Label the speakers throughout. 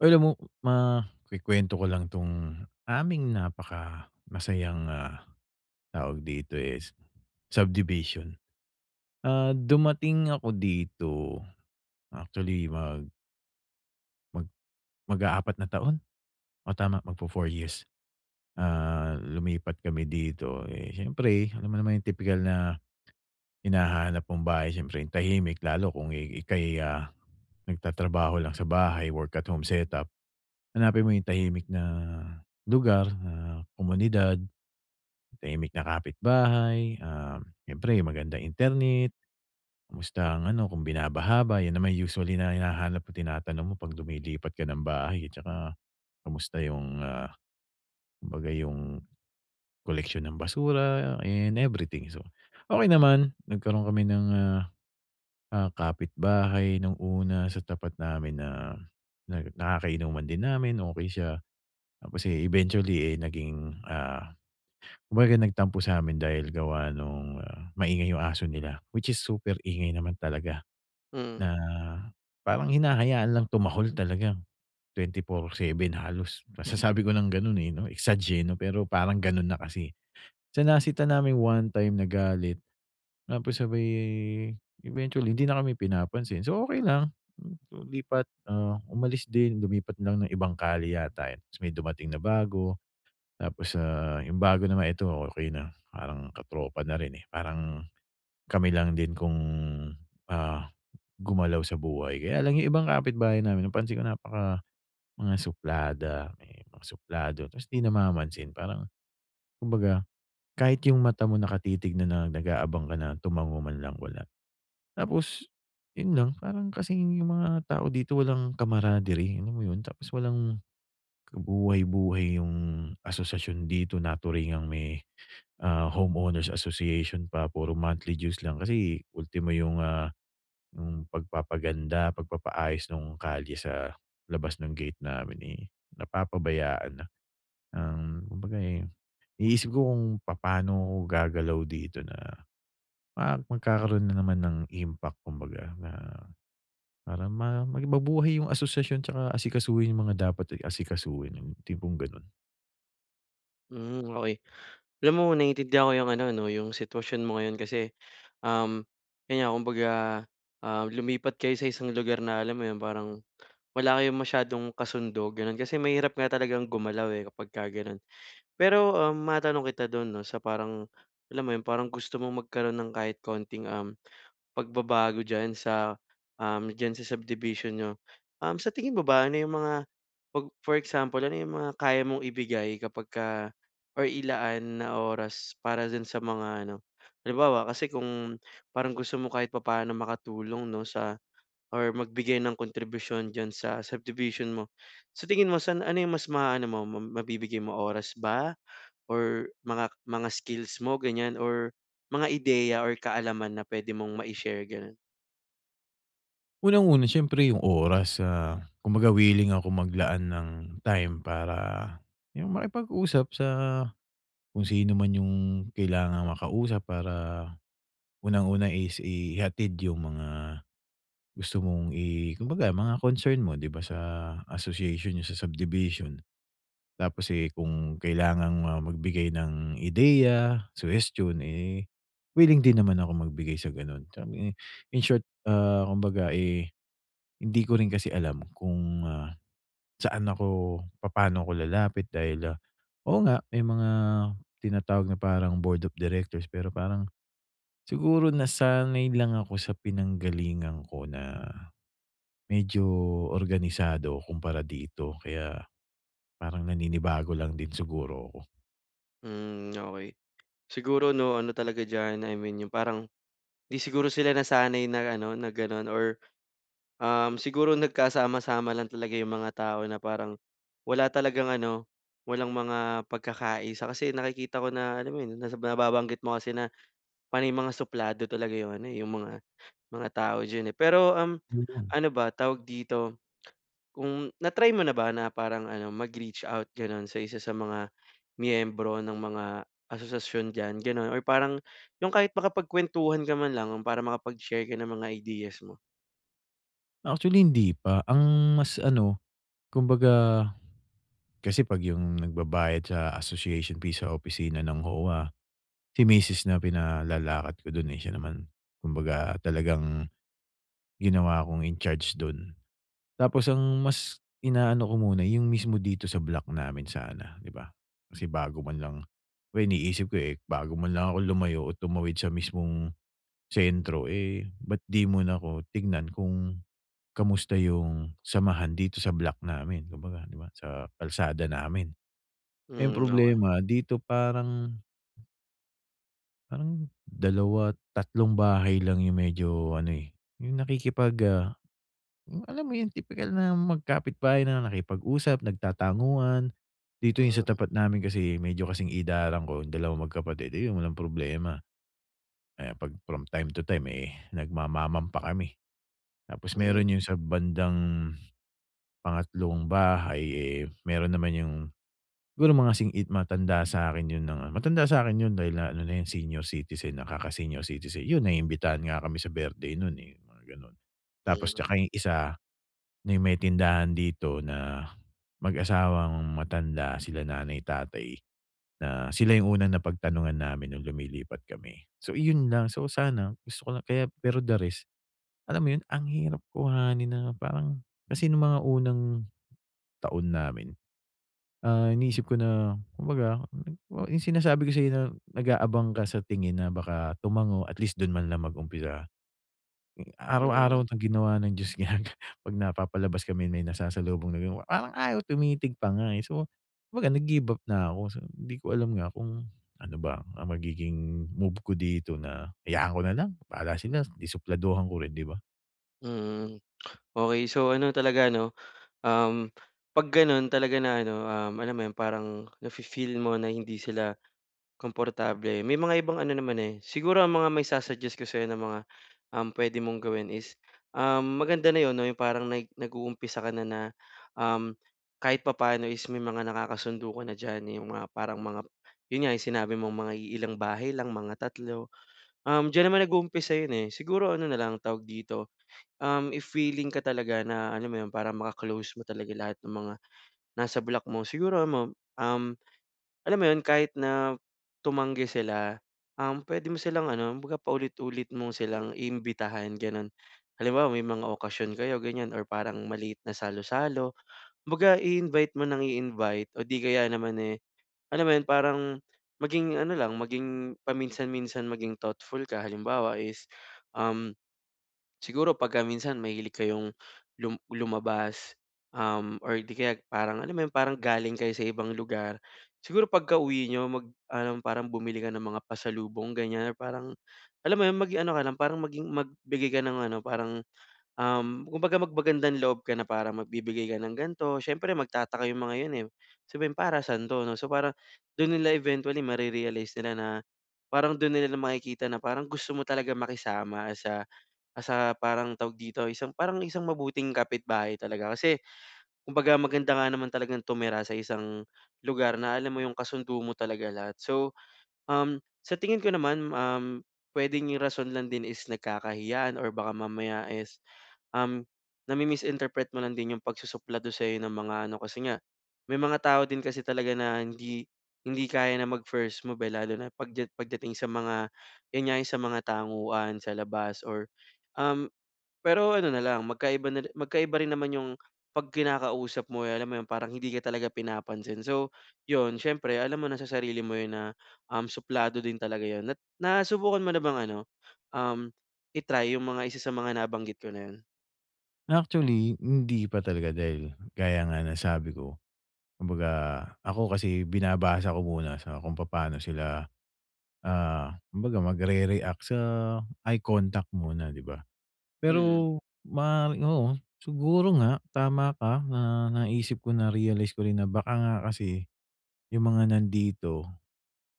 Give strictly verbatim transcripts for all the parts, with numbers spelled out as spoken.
Speaker 1: Uy, alam mo, ma kukuwento ko lang 'tong aming napaka masayang, ah, tawag dito, eh, s subdivision. Ah, dumating ako dito actually, mag mag mag-aapat na taon. Oh, tama, mag-fo four years. Ah, lumipat kami dito, eh, siyempre alam mo naman yung tipikal na hinahanap mong bahay, siyempre yung tahimik. Lalo kung, eh, ika'y, ah, nagtatrabaho lang sa bahay, work at home setup. Hanapin mo yung tahimik na lugar, ah, komunidad, tahimik na kapitbahay, ah, siyempre yung magandang internet. Kamusta ang ano, kung binabaha ba, yan naman usually na hinahanap mo, tinatanong mo pag lumilipat ka ng bahay, eh, tsaka kamusta yung, ah, kumbaga yung koleksyon ng basura and everything. So, okey naman, nagkaroon kami ng, ah, ah, kapitbahay nung una sa tapat namin na na nakakainuman din namin, okey siya. Tapos, eh, eventually, eh, naging, ah, kumbaga nagtampo sa'min dahil gawa nung, ah, maingay yung aso nila. Which is super ingay naman talaga,
Speaker 2: Mm.
Speaker 1: na parang hinahayaan lang tumahol talaga, twenty-four seven halos, masasabi ko ng ganun, eh, 'no? Exag, eh, 'no, pero parang ganun na kasi, eh. So nasita namin one time, nagalit, tapos sabay eventually, hindi na kami pinapansin. So, okey lang. Hmm, so lipat, ah, umalis din, lumipat lang ng ibang kalye yata, eh, ta's may dumating na bago. Tapos, ah, yung bago na naman, ito okey na, parang ka-tropa na rin, eh, parang kami lang din kung, ah, gumalaw sa buhay. Kaya lang, yung ibang kapitbahay namin napansin ko napaka mga suplada, ayan, yung may mga suplado ta's di namamansin. Parang kumbaga kahit yung mata mo, nakatitig na na nag-aabang ka na, tumango man lang, wala. Tapos yun lang, parang kasing yung mga tao dito walang camaraderie, alam mo yun? Tapos walang kabuhay-buhay yung asosasyon dito, naturingang may, ah, homeowners association pa, puro monthly dues lang. Kasi ultimo yung, ah, yung pagpapaganda, pagpapaayos nung kalye sa labas ng gate namin, eh, napapabayaan na. Um, kumbaga, eh, iniisip ko kung papaano ako gagalaw dito na ma magkakaroon na naman ng impact kumbaga na, parang ma maging mabuhay yung asosasyon tsaka asikasuhin yung mga dapat, eh, asikasuhin, yung tipong gano'n.
Speaker 2: Hmm, okey. Alam mo naintindihan ko 'yung ano 'no 'yung sitwasyon mo ngayon kasi, um, kaya kumbaga, um, lumipat kayo sa isang lugar na alam mo 'yun parang wala kayong masyadong kasundo, gano'n. Kasi mahirap nga talagang gumalaw eh kapagka gano'n. Pero, um, matanong kita dun 'no sa parang, alam mo 'yun parang gusto mong magkaroon ng kahit konting, um, pagbabago diyan sa, um, diyan sa subdivision niyo. Um, sa tingin mo ba, ano 'yung mga pag for example ano 'yung mga kaya mong ibigay kapagka or ilaan na oras para dun sa mga ano. Halimbawa, kasi kung parang gusto mo kahit papaano makatulong 'no sa or magbigay ng kontribusyon diyan sa subdivision mo. Sa tingin mo san ano 'yung mas maano mo, mabibigay mo, oras ba or mga mga skills mo ganyan or mga ideya or kaalaman na pwede mong ma-ishare, ganun?
Speaker 1: Unang-una siyempre 'yung oras sa kumbaga willing akong maglaan ng time para 'yung makipag-usap sa kung sino man 'yung kailangang maka-usap para, unang-una is ihatid 'yung mga gusto mong i kumbaga mga concern mo 'di ba sa association niyo sa subdivision. Tapos eh kung kailangang, ah, magbigay ng ideya, suhestiyon, eh, willing din naman akong magbigay sa gano'n. Sabi nga, in short, ah, kumbaga eh hindi ko rin kasi alam kung, ah, saan ako, papaano ako lalapit dahil, ah, oo nga may mga tinatawag na parang board of directors pero parang siguro nasanay lang ako sa pinanggalingan ko na medyo organisado kumpara dito kaya, parang naninibago lang din siguro ko.
Speaker 2: Hmm, okey. Siguro 'no ano talaga diyan, I mean yung parang hindi siguro sila nasanay na ano na gano'n or, um, siguro nagkasama-sama lang talaga yung mga tao na parang wala talagang ano, walang mga pagkakaisa. Kasi nakikita ko na alam mo yun, nababanggit mo kasi na panay mga suplado talaga yung ano eh yung mga mga tao diyan eh. Pero, um,
Speaker 1: Mm.
Speaker 2: ano ba, tawag dito, kung na try mo na ba na parang ano mag-reach out gano'n sa isa sa mga miyembro ng mga asosasyon diyan, ganon? Or parang yung kahit makapagkwentuhan ka man lang, para makapag share ka ng mga ideas mo.
Speaker 1: Actually hindi pa. Ang mas ano, kumbaga kasi 'pag yung nagbabayad sa association fee sa opisina ng OWWA, si misis na pinalalakad ko dun eh. Siya naman kumbaga talagang ginawa kong incharge dun. Tapos ang mas inaano ko muna yung mismo dito sa block namin sana, di ba. Kasi bago man lang, iniisip ko eh, bago man lang akong lumayo o tumawid sa mismong sentro eh ba't di muna ko tignan kung kamusta yung samahan dito sa block namin, kumbaga 'di ba sa kalsada namin. Eh,
Speaker 2: Hmm, okey.
Speaker 1: problema dito parang Parang dalawa, tatlong bahay lang 'yong medyo ano, eh, 'yong nakikipag, ah, alam mo 'yung tipikal na magkapitbahay na nakipag-usap, nagtatanguan. Dito yung sa
Speaker 2: Mm.
Speaker 1: tapat namin kasi, eh, medyo kasing idaran ko 'yung dalawang magkapatid, ayun walang problema. Eh, 'pag from time to time, eh, nagmamamam pa kami. Tapos
Speaker 2: Hmm.
Speaker 1: meron 'yung sa bandang, pangatlong bahay, eh, meron naman 'yung siguro mga sing id matanda sa'kin 'yun ng matanda sa'kin 'yun dahil, ah, ano na 'yun senior citizen na, kaka-senior citizen. 'Yun, naimbitahan nga kami sa birthday nun, eh, mga gano'n. Tapos, tsaka
Speaker 2: Mm.
Speaker 1: 'yung isa, na 'yung may tindahan dito na mag-asawang matanda, sila nanay-tatay, na sila 'yung unang napagtanungan namin no'ng lumilipat kami. So iyon lang, so sana gusto ko lang kaya pero the rest alam mo 'yon, ang hirap kuhanin na parang kasi no'ng mga unang taon namin, ah, iniisip ko na kumbaga 'yung sinasabi ko sa'yo, na nag-aabang ka sa tingin na baka tumango atleast do'n man lang mag-umpisa. Araw-araw
Speaker 2: Hmm.
Speaker 1: na ginawa ng Diyos ginag 'pag napapalabas kami, may nasasalubong na 'yong parang ayaw tumitig pa nga, eh. So kumbaga, nag-give up na ako, sabi ko, hindi ko alam nga kung ano ba ang magiging move ko dito na hayaan ko nalang bahala sila, eh, di supladuhan ko rin, di ba?
Speaker 2: Mm. Okey, so ano talaga 'no, um, 'pag gano'n talaga na ano, um, alam mo 'yon, parang nafi-feel mo na hindi sila komportable, may mga ibang ano naman, eh siguro ang mga ma-i-sa-suggest ko sa'yo na mga, um, pwede mong gawin is, ah, maganda na 'yon 'no, 'yong parang nag nag-uumpisa ka na, na um, kahit papaano is may mga nakakasundo ka na diyan. 'Yong mga, parang mga 'yon nga, sinabi mong mga iilang bahay lang, mga tatlo. Um, diyan naman nag-uumpisa yun, eh, siguro ano na lang ang tawag dito, um, if willing ka talaga na alam mo 'yon, para maka-close mo talaga lahat ng mga nasa block mo. Siguro, yun mam um, alam mo 'yon, kahit na tumanggi sila, um, pwede mo silang ano, kumbaga paulit-ulit mo silang imbitahan, gano'n. Halimbawa, may mga okasyon kayo, ganyan or parang maliit na salo-salo, kumbaga i-invite mo nang i-invite. O 'di kaya naman, eh, alam mo 'yon, parang maging ano lang, maging paminsan-minsan maging thoughtful ka. Halimbawa is, um, siguro pagka minsan mahilig kayong lum lumabas, um, or 'di kaya parang alam mo yun, parang galing kayo sa ibang lugar. Siguro pagkauwi niyo mag-ano, parang bumili ka ng mga pasalubong, ganyan. Parang alam mo 'yon, maging ano ka lang, parang maging magbigay ka nung ano parang, um, kumbaga magmagandang-loob ka na parang magbibigay ka ng ganito. Syempre magtataka 'yong mga 'yon, eh, sabihin, "Para saan 'to?" 'no, so parang do'n nila eventually mare-realize nila na, parang do'n nila makikita na parang gusto mo talagang makisama sa, ah, sa parang tawag dito, yung isang parang isang mabuting kapitbahay talaga. Kasi, kumbaga maganda nga naman talagang tumira sa isang lugar na alam mo 'yong kasundo mo talaga lahat. So, um, sa tingin ko naman, um, pwedeng 'yong rason lang din is nagkakahiyaan or baka mamaya is, um, nami-misinterpret mo lang din 'yong pagsusuplado sa'yo ng mga ano, kasi nga may mga tao din kasi talaga na hindi hindi kaya na mag first move, eh, lalo na pagdyat pagdating sa mga 'yan nga, 'yong sa mga tanguan sa labas. Or, um pero ano na lang magkaiba na ri magkaiba rin naman 'yong 'pag kinakausap mo, alam mo 'yon, parang hindi ka talaga pinapansin. So, 'yon siyempre alam mo na sa sarili mo 'yon na, um, suplado din talaga 'yon. Nat nasubukan mo na bang ano, um, i-try 'yong mga isa sa mga nabanggit ko na 'yon?
Speaker 1: Actually hindi pa talaga dahil gaya nga ng sabi ko, kumbaga ako kasi binabasa ko muna sa kung papaano sila, ah, kumbaga magrereact sa eye contact muna 'di ba?
Speaker 2: Mm.
Speaker 1: Pero ma oo, siguro nga tama ka na naisip ko, narealize ko rin na baka nga kasi yung mga nandito,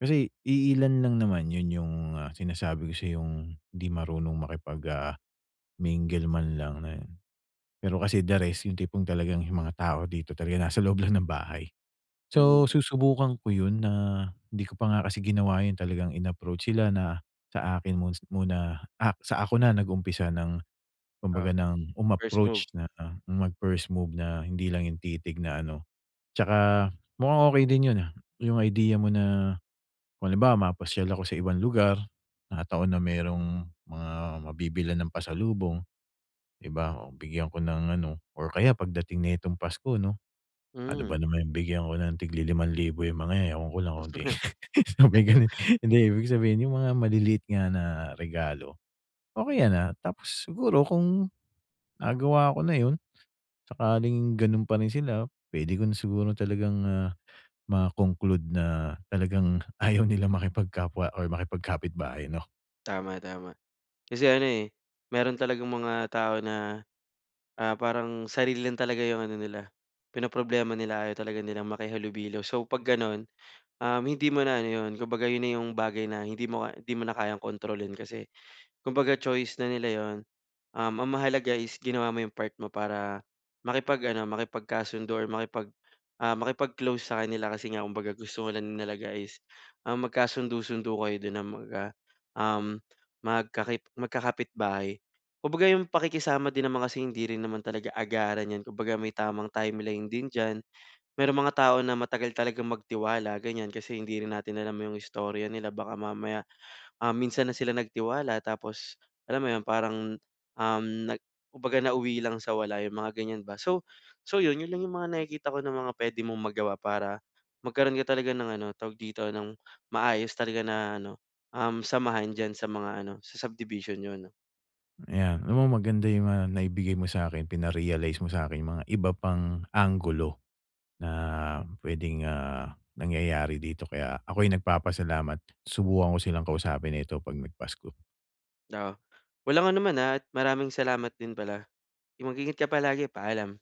Speaker 1: kasi iilan lang naman yun yung, ah, sinasabi ko sa'yong hindi marunong makipag, ah, mingle man lang ayun. Pero kasi the rest, yung tipong talagang mga tao dito talaga nasa loob lang ng bahay. So,
Speaker 2: Mhm.
Speaker 1: susubukan ko yun na di ko pa nga kasi ginawa yun talagang in-approach sila na sa akin mo muna, sa ako na nag-umpisa ng, kumbaga
Speaker 2: Oo.
Speaker 1: ng
Speaker 2: First move.
Speaker 1: umapproach, na mag-first move, na hindi lang yung titig na ano. 'Tsaka mukhang okey din yun, ah, yung idea mo na kung halimbawa mapasyal ako sa ibang lugar na taon na merong mga mabibilan ng pasalubong di ba bigyan ko ng ano or kaya pagdating nitong Pasko 'no. Ano
Speaker 2: Mm.
Speaker 1: ba naman yung bigyan ko ng tig li-limang libo limang libo yang mga yan, ewan ko lang kung hindi sabay gano'n. Hindi ibig sabihin, yung mga maliliit nga na regalo. Okey yan, ah, tapos siguro kung nagawa ko na yun, sakaling ganun pa rin sila. Puwede ko na siguro talagang, ah, ma-conclude na talagang ayaw nila makipag-kapwa or makipagkapitbahay 'no.
Speaker 2: Tama, tama. Kasi ano, eh, meron talagang mga tao na, ah, parang sarili lang talaga yung ano nila pinoproblema nila, ayaw talaga nilang makihalubilo. So pag ganon, um, hindi mo na ano yun, kumbaga yun na yung bagay na hindi mo ka hindi mo na kayang kontrolin, kasi kumbaga choice na nila yun. Um, ang mahalaga is ginawa mo yung part mo para makipag ano makipagkasundo or makipag, ah, makipag-close sa kanila, kasi nga kumbaga gusto mo lang talaga is, um, magkasundo-sundo kayo din na maga um, magka magkakapitbahay. Kumbaga yung pakikisama din naman kasi hindi rin naman talaga agaran yan, kumbaga may tamang timeline din diyan. Merong mga tao na matagal talagang magtiwala, ganyan. Kasi hindi rin natin alam yung istorya nila, baka mamaya, ah, minsan na sila nagtiwala tapos alam mo yun parang um nag kumbaga nauwi lang sa wala yung mga ganyan ba. So so yun, yun lang yung mga nakikita ko na mga pwede mong magawa para magkaroon ka talaga ng ano, tawag dito, ng maayos talaga na ano, um, samahan diyan sa mga ano, sa subdivision niyo 'no.
Speaker 1: Ayan, alam mo maganda yung mga naibigay mo sa'kin. Pina-realize mo sa'kin yung mga iba pang anggulo na puwedeng, ah, nangyayari dito, kaya ako'y nagpapasalamat. Subukan ko silang kausapin nito 'pag nag-Pasko.
Speaker 2: Oo. Walang anuman at maraming salamat din pala. Yun mag-ingat ka palagi, paalam!